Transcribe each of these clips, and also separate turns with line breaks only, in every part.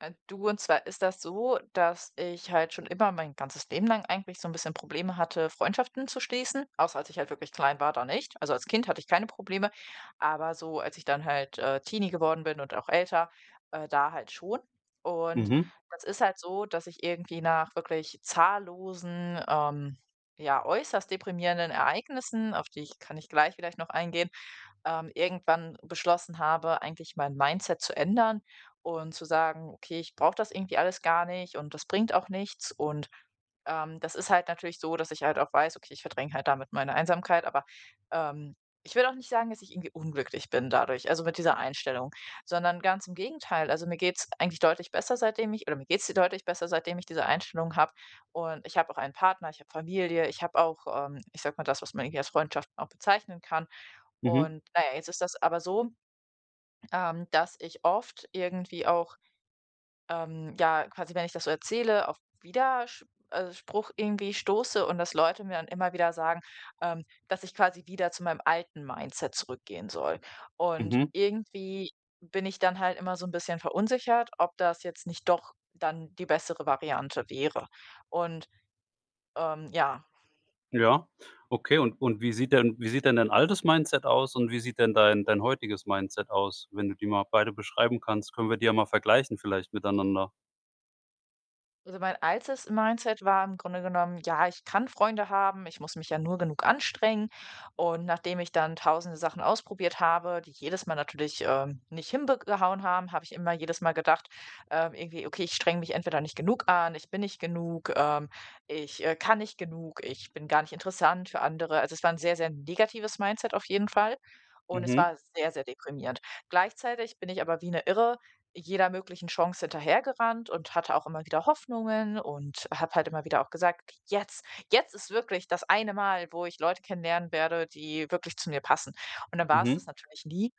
Ähm, du, und zwar ist das so, dass ich halt schon immer mein ganzes Leben lang eigentlich so 'n bisschen Probleme hatte, Freundschaften zu schließen, außer als ich halt wirklich klein war, da nicht. Also als Kind hatte ich keine Probleme, aber so als ich dann halt, äh, Teenie geworden bin und auch älter, äh, da halt schon. Und
Mhm.
das ist halt so, dass ich irgendwie nach wirklich zahllosen, ähm, ja, äußerst deprimierenden Ereignissen, auf die ich kann ich gleich vielleicht noch eingehen, ähm, irgendwann beschlossen habe, eigentlich mein Mindset zu ändern und zu sagen: „Okay, ich brauche das irgendwie alles gar nicht und das bringt auch nichts." Und, ähm, das ist halt natürlich so, dass ich halt auch weiß, okay, ich verdränge halt damit meine Einsamkeit, aber, ähm, ich würde auch nicht sagen, dass ich irgendwie unglücklich bin dadurch, also mit dieser Einstellung. Sondern ganz im Gegenteil. Also mir geht's eigentlich deutlich besser, seitdem ich oder mir geht's deutlich besser, seitdem ich diese Einstellungen habe. Und ich habe auch einen Partner, ich habe Familie, ich habe auch, ähm, ich sage mal, das, was man irgendwie als Freundschaften auch bezeichnen kann.
Mhm.
Und na ja, jetzt ist das aber so, ähm, dass ich oft irgendwie auch, ähm, ja, quasi wenn ich das so erzähle, auf Widersch also, Spruch irgendwie stoße und dass Leute mir dann immer wieder sagen, ähm, dass ich quasi wieder zu meinem alten Mindset zurückgehen soll. Und
Mhm.
irgendwie bin ich dann halt immer so 'n bisschen verunsichert, ob das jetzt nicht doch dann die bessere Variante wäre. Und, ähm, ja.
Ja. Okay, und und wie sieht denn wie sieht denn dein altes Mindset aus, und wie sieht denn dein dein heutiges Mindset aus? Wenn du die mal beide beschreiben kannst, können wir die ja mal vergleichen vielleicht miteinander.
Also mein altes Mindset war im Grunde genommen: „Ja, ich kann Freunde haben, ich muss mich ja nur genug anstrengen“ und nachdem ich dann tausende Sachen ausprobiert habe, die jedes Mal natürlich, ähm, nicht hinbek gehauen haben, habe ich immer jedes Mal gedacht, ähm, irgendwie: „Okay, ich strenge mich entweder nicht genug an, ich bin nicht genug, ähm, ich, äh, kann nicht genug, ich bin gar nicht interessant für andere.“ Also, es war 'n sehr, sehr negatives Mindset auf jeden Fall und es
Mhm.
war sehr, sehr deprimierend. Gleichzeitig bin ich aber wie 'ne Irre jeder möglichen Chance hinterhergerannt und hatte auch immer wieder Hoffnungen und habe halt immer wieder auch gesagt: „Jetzt jetzt ist wirklich das eine Mal, wo ich Leute kennenlernen werde, die wirklich zu mir passen.“ Und dann war's
Mhm.
das natürlich nie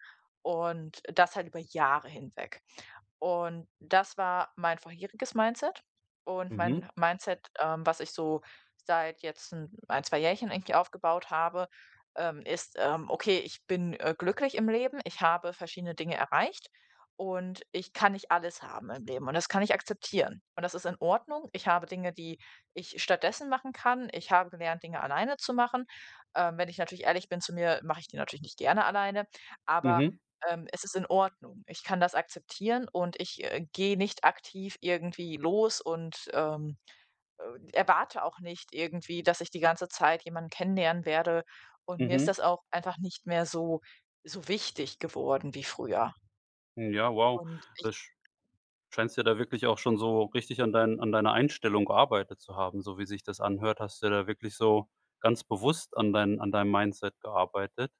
und das halt über Jahre hinweg. Und das war mein vorheriges Mindset. Und mein
Mhm.
Mindset, ähm, was ich so seit jetzt 'n 1, 2 Jährchen eigentlich aufgebaut habe, ähm, ist, ähm, okay, ich bin, äh, glücklich im Leben, ich habe verschiedene Dinge erreicht und ich kann nicht alles haben im Leben und das kann ich akzeptieren. Und das ist in Ordnung, ich habe Dinge, die ich stattdessen machen kann. Ich habe gelernt, Dinge alleine zu machen. Ähm, wenn ich natürlich ehrlich bin zu mir, mache ich die natürlich nicht gerne alleine, aber,
Mhm.
ähm, es ist in Ordnung. Ich kann das akzeptieren und ich, äh, gehe nicht aktiv irgendwie los und, ähm, äh, erwarte auch nicht, irgendwie, dass ich die ganze Zeit jemanden kennenlernen werde, und mir ist
Mhm.
das auch einfach nicht mehr so so wichtig geworden wie früher.
Ja, wow.
Und ich
Da sch scheinst dir da wirklich auch schon so richtig an deinen an deiner Einstellung gearbeitet zu haben, so wie sich das anhört. Hast du dir da wirklich so ganz bewusst an deinem an deinem Mindset gearbeitet.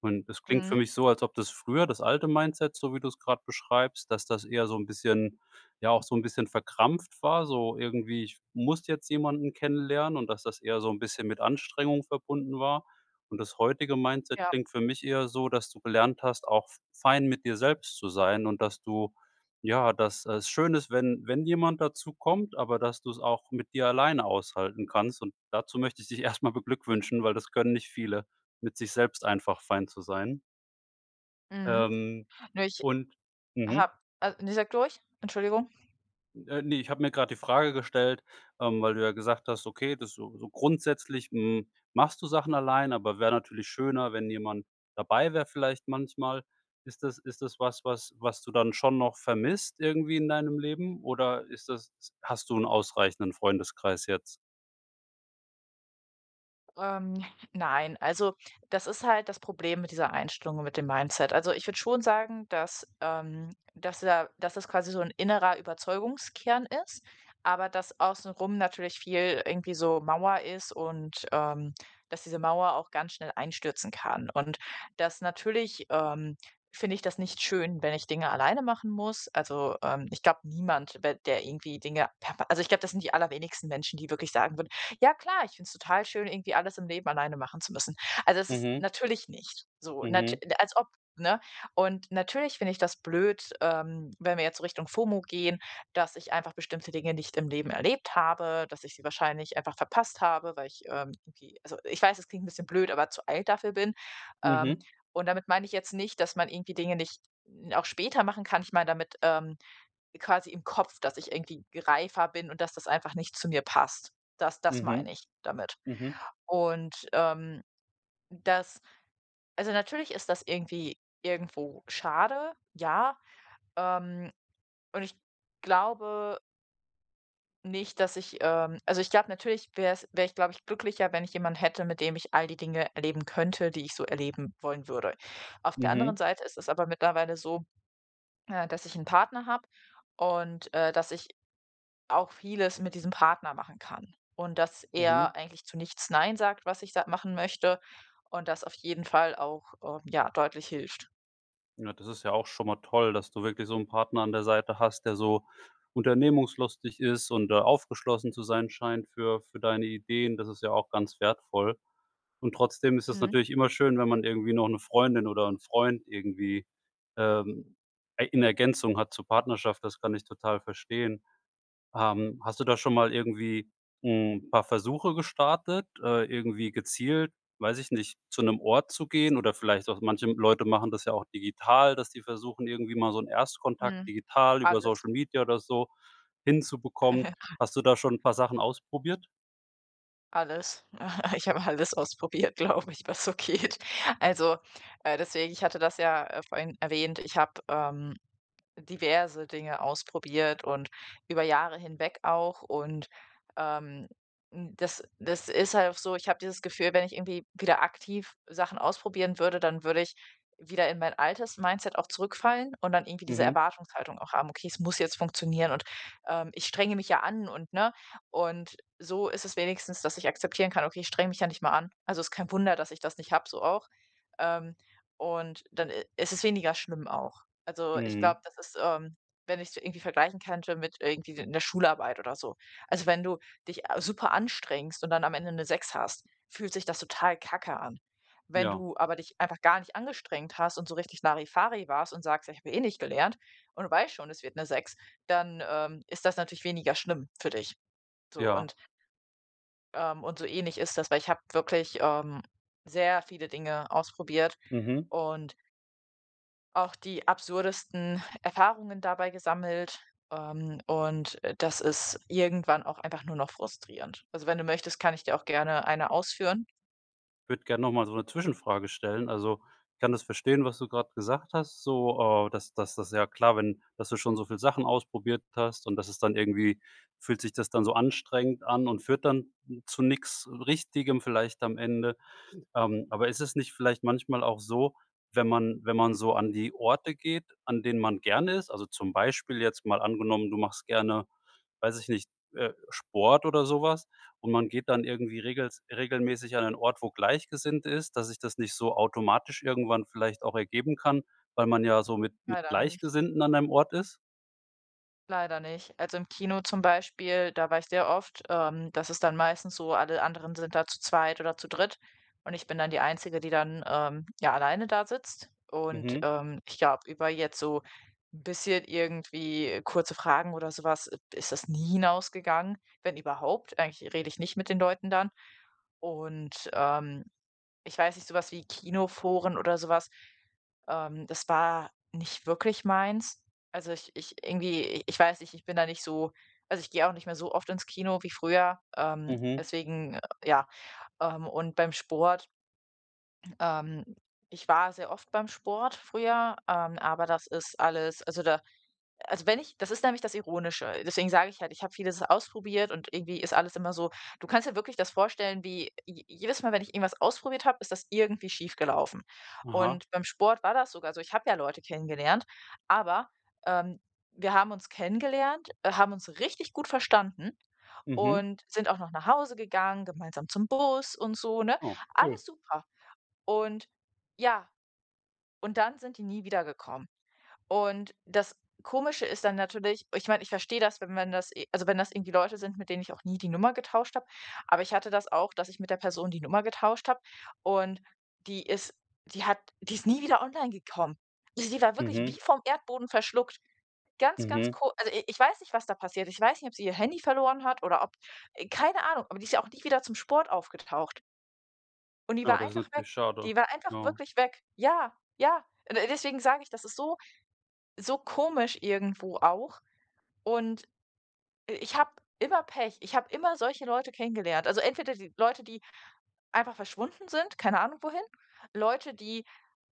Und das klingt für
Mhm.
mich so, als ob das früher, das alte Mindset, so wie du es grade beschreibst, dass das eher so 'n bisschen ja, auch so 'n bisschen verkrampft war, so irgendwie: „Ich muss jetzt jemanden kennenlernen“ und, dass das eher so 'n bisschen mit Anstrengung verbunden war. Und das heutige Mindset
Ja.
klingt für mich eher so, dass du gelernt hast, auch f fein mit dir selbst zu sein und dass du ja, dass es schön ist, wenn wenn jemand dazukommt, aber, dass du 's auch mit dir alleine aushalten kannst. Und dazu möchte ich dich erst mal beglückwünschen, weil das können nicht viele, mit sich selbst einfach fein zu sein.
Mhm.
Ähm,
Nö, ich
und mhm.
habe a ne, sag du ruhig, Entschuldigung.
Äh, ne, ich habe mir grade die Frage gestellt ähm, weil du ja gesagt hast, okay, das so so grundsätzlich, hm, machst du Sachen alleine, aber wäre natürlich schöner, wenn jemand dabei wäre, vielleicht manchmal. Ist das ist das was, was was du dann schon noch vermisst, irgendwie in deinem Leben, oder ist das hast du 'n ausreichenden Freundeskreis jetzt?
Ähm. Nein, also das ist halt das Problem mit dieser Einstellung, mit dem Mindset. Also, ich würde schon sagen, dass ähm, dass da dass das quasi so 'n innerer Überzeugungskern ist, aber das Außenrum natürlich viel irgendwie so Mauer ist und, ähm, dass diese Mauer auch ganz schnell einstürzen kann. Und dass natürlich, ähm, finde ich das nicht schön, wenn ich Dinge alleine machen muss. Also, ähm, ich glaube niemand ba der irgendwie Dinge per Also ich glaube, das sind die allerwenigsten Menschen, die wirklich sagen würden: „Ja klar, ich find's total schön, irgendwie alles im Leben alleine machen zu müssen.“ Also, es ist
Mhm.
natürlich nicht so, nat
Mhm.
als ob, ne? Und natürlich finde ich das blöd, ähm, wenn wir jetzt so Richtung FOMO gehen, dass ich einfach bestimmte Dinge nicht im Leben erlebt habe, dass ich sie wahrscheinlich einfach verpasst habe, weil ich, ähm, irgendwie also ich weiß, es klingt 'n bisschen blöd, aber zu alt dafür bin, ähm.
Mhm.
Und damit meine ich jetzt nicht, dass man irgendwie Dinge nicht auch später machen kann. Ich meine damit, ähm, quasi im Kopf, dass ich irgendwie reifer bin und dass das einfach nicht zu mir passt. Das das
Mhm,
meine ich damit.
mhm.
Und, ähm, das Also, natürlich ist das irgendwie irgendwo schade, ja, ähm, und ich glaube nicht, dass ich, ähm also ich glaube, natürlich wär's wäre ich, glaube ich, glücklicher, wenn ich jemanden hätte, mit dem ich all die Dinge erleben könnte, die ich so erleben wollen würde. Auf der anderen
Mhm.
Seite ist es aber mittlerweile so, äh, dass ich 'n Partner habe und, äh, dass ich auch vieles mit diesem Partner machen kann und dass
Mhm.
er eigentlich zu nichts nein sagt, was ich sa machen möchte, und das auf jeden Fall auch, ähm, ja, deutlich hilft.
Ja, das ist ja auch schon mal toll, dass du wirklich so 'n Partner an der Seite hast, der so unternehmungslustig ist und der aufgeschlossen zu sein scheint für für deine Ideen. Das ist ja auch ganz wertvoll. Und trotzdem ist es
Mhm.
natürlich immer schön, wenn man irgendwie noch 'ne Freundin oder 'n Freund irgendwie, ähm, ei in Ergänzung hat zur Partnerschaft. Das kann ich total verstehen. Ähm, hast du da schon mal irgendwie 'n paar Versuche gestartet? Äh, irgendwie gezielt, weiß ich nicht, zu 'nem Ort zu gehen oder vielleicht auch manche, hm, Leute machen das ja auch digital, dass die versuchen, irgendwie mal so 'n Erstkontakt
Mhm,
digital über
alles.
Social Media oder so hinzubekommen.
[unintelligible]
Hast du da schon 'n paar Sachen ausprobiert?
Alles. Ich habe alles ausprobiert, glaube ich, was so geht. Also, äh, deswegen, ich hatte das ja, äh, vorhin erwähnt, ich habe, ähm, diverse Dinge ausprobiert und über Jahre hinweg auch und, ähm, n das das ist halt auch so, ich habe dieses Gefühl, wenn ich irgendwie wieder aktiv Sachen ausprobieren würde, dann würde ich wieder in mein altes Mindset auch zurückfallen und dann irgendwie diese
Mhm.
Erwartungshaltung auch haben: "Okay, es muss jetzt funktionieren und, ähm, ich strenge mich ja an" und ne? Und so ist es wenigstens, dass ich akzeptieren kann: „Okay, ich strenge mich ja nicht mal an. Also ist kein Wunder, dass ich das nicht habe,“ so auch. Ähm, und dann, äh, i ist es weniger schlimm auch. Also, ich
Mhm.
glaube, das ist, ähm wenn ich's irgendwie vergleichen könnte mit irgendwie 'ner Schularbeit oder so. Also, wenn du dich, äh, super anstrengst und dann am Ende 'ne 6 hast, fühlt sich das total kacke an. Wenn
Ja.
du aber dich einfach gar nicht angestrengt hast und so richtig Larifari warst und sagst: „Ich habe, ja, eh nicht gelernt" und du weißt schon, es wird 'ne 6, dann, ähm, ist das natürlich weniger schlimm für dich. So
Ja.
und ähm, und so ähnlich ist das, weil ich habe wirklich, ähm, sehr viele Dinge ausprobiert
Mhm.
und auch die absurdesten Erfahrungen dabei gesammelt, ähm, und, äh, das ist irgendwann auch einfach nur noch frustrierend. Also wenn du möchtest, kann ich dir auch gerne 1 ausführen?
Würde gern noch mal so 'ne Zwischenfrage stellen. Also, ich kann das verstehen, was du gerade gesagt hast, so, äh, das das das ist ja klar, wenn dass du schon so viel Sachen ausprobiert hast und das es dann irgendwie fühlt sich das dann so anstrengend an? Und führt dann zu nix Richtigem vielleicht am Ende? Ähm, aber ist es nicht vielleicht manchmal auch so, wenn man wenn man so an die Orte geht, an denen man gerne ist, also ,zum Beispiel, jetzt mal angenommen, du machst gerne, weiß ich nicht, äh, Sport oder so was? Und man geht dann irgendwie regelst regelmäßig an einen Ort wo Gleichgesinnt ist, dass ich das nicht so automatisch irgendwann vielleicht auch ergeben kann, weil man ja so mit mit
Leider nicht.
Gleichgesinnten an einem Ort ist?
Leider nicht. Also im Kino zum Beispiel, da war ich sehr oft. Ähm. Das ist dann meistens so, alle anderen sind da zu zweit oder zu dritt, und ich bin dann die Einzige, die dann, ähm, ja alleine da sitzt. Und,
Mhm.
ähm, ich glaube über jetzt so 'n bisschen irgendwie kurze Fragen oder so was, ist das nie hinausgegangen, wenn überhaupt. Eigentlich rede ich nicht mit den Leuten dann. Und, ähm, ich weiß nicht, so was wie Kinoforen oder so was, ähm, das war nicht wirklich meins. Also, ich ich irgendwie ich weiß nicht, ich bin da nicht so also, ich gehe auch nicht mehr so oft ins Kino wie früher, ähm,
Mhm.
deswegen, ja. Ähm, und beim Sport ähm, ich war sehr oft beim Sport früher, ähm, aber das ist alles also, da also, wenn ich das ist nämlich das Ironische, deswegen sage ich halt, ich habe vieles ausprobiert und irgendwie ist alles immer so Du kannst ja wirklich das vorstellen, wie je jedes Mal, wenn ich irgendwas ausprobiert habe, ist das irgendwie schiefgelaufen.
Aha.
Und beim Sport war das sogar so, ich habe ja Leute kennengelernt. Aber, ähm, wir haben uns kennengelernt, haben uns richtig gut verstanden.
Mhm.
Und sind auch noch nach Hause gegangen, gemeinsam zum Bus und so, ne?
Oh. Cool.
Alles super. Und, ja. Und dann sind die nie wiedergekommen. Und das Komische ist dann natürlich ich meine, ich verstehe das, wenn man das äh, also wenn das irgendwie Leute sind, mit denen ich auch nie die Nummer getauscht habe, aber ich hatte das auch, dass ich mit der Person die Nummer getauscht habe und die ist die hat die ist nie wieder online gekommen. Sie war wirklich
Mhm.
wie vom Erdboden verschluckt. Ganz, ganz
Mhm.
ko also, i ich weiß nicht was da passiert, ich weiß nicht, ob sie ihr Handy verloren hat, oder ob äh, keine Ahnung. Aber die ist ja auch nie wieder zum Sport aufgetaucht. Und die
Oh.
war
Das ist
einfach weg.
natürlich schade.
Die war einfach
Ne?
wirklich weg. Ja! Ja! D deswegen sage ich, das ist so so komisch irgendwo auch, und, i ich habe immer Pech. Ich habe immer solche Leute kennengelernt. Also entweder die Leute, die einfach verschwunden sind, keine Ahnung wohin. Leute, die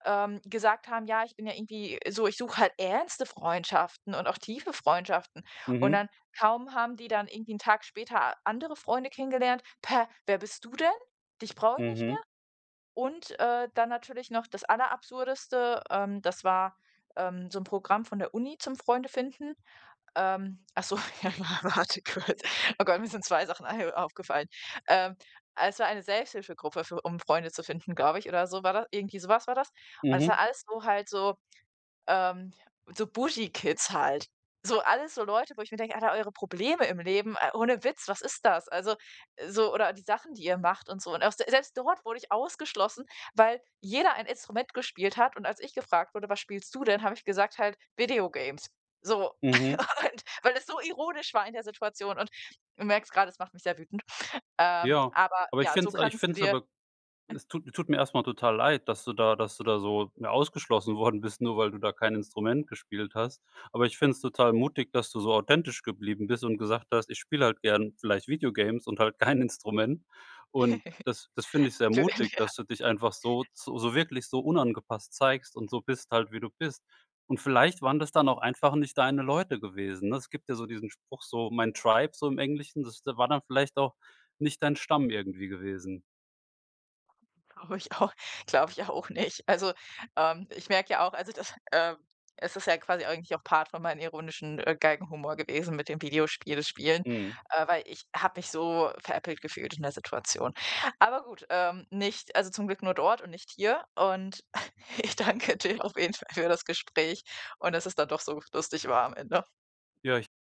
ähm, gesagt haben: „Ja, ich bin ja irgendwie so ich suche halt ernste Freundschaften, und auch tiefe Freundschaften.“ Und
Mhm.
dann, kaum haben die dann irgendwie 'n Tag später andere Freunde kennengelernt. „Pä, wer bist du denn? Dich brauch ich nicht
Mhm.
mehr?“ Und, äh, dann natürlich noch das aller Absurdeste, ähm, das war, ähm, so 'n Programm von der Uni zum Freunde finden. Ähm. Ach so, ja, warte kurz. Oh Gott, mir sind 2 Sachen ein aufgefallen. Ähm. Ah, es war eine Selbsthilfegruppe für um Freunde zu finden, glaube ich, oder so, war da irgendwie so was war das. Und es
Mhm.
war alles, so halt so, ähm, so bougie kids halt. So alles so Leute, wo ich mir denke, Alter, eure Probleme im Leben, äh, ohne Witz, was ist das? Also, äh, so, oder die Sachen, die ihr macht und so. Und aus der selbst dort wurde ich ausgeschlossen, weil jeder ein Instrument gespielt hat und als ich gefragt wurde: „Was spielst du denn?“ Habe ich gesagt halt: „Video games!“ So,
Mhm.
und weil es so ironisch war in der Situation und du merkst gerade, es macht mich sehr wütend. Ähm.
Ja.
Aber.
Aber ich
Ja.
finde
So
es ei ich
kannst du
find es
dir
aber es tut tut mir erst mal total leid, dass du da dass du da so mehr ausgeschlossen worden bist, nur weil du da kein Instrument gespielt hast. Aber ich finde es total mutig dass du so authentisch geblieben bist und gesagt hast: „Ich spiele halt gern vielleicht Video games und halt kein Instrument.“ Und, das das finde ich sehr
Dünn,
mutig,
ja.
dass du dich einfach so so wirklich so unangepasst zeigst und so bist halt, wie du bist. Und vielleicht waren das dann auch einfach nicht deine Leute gewesen, ne? Es gibt ja so diesen Spruch so: „Mein Tribe“ so im Englischen. Das war dann vielleicht auch nicht dein Stamm irgendwie gewesen.
Glaube ich auch glaube ich auch nicht. Also, ähm, ich merke ja auch also das, ähm es ist ja quasi eigentlich auch Part von meinen ironischen äh, Galgenhumor gewesen mit dem Videospiele spielen.
Mhm.
Äh, weil ich habe mich so veräppelt gefühlt in der Situation. Aber gut, ähm, nicht also, zum Glück nur dort, und nicht hier und ich danke dir auf jeden Fall für das Gespräch und dass es dann doch so lustig war am Ende.
Ja, ich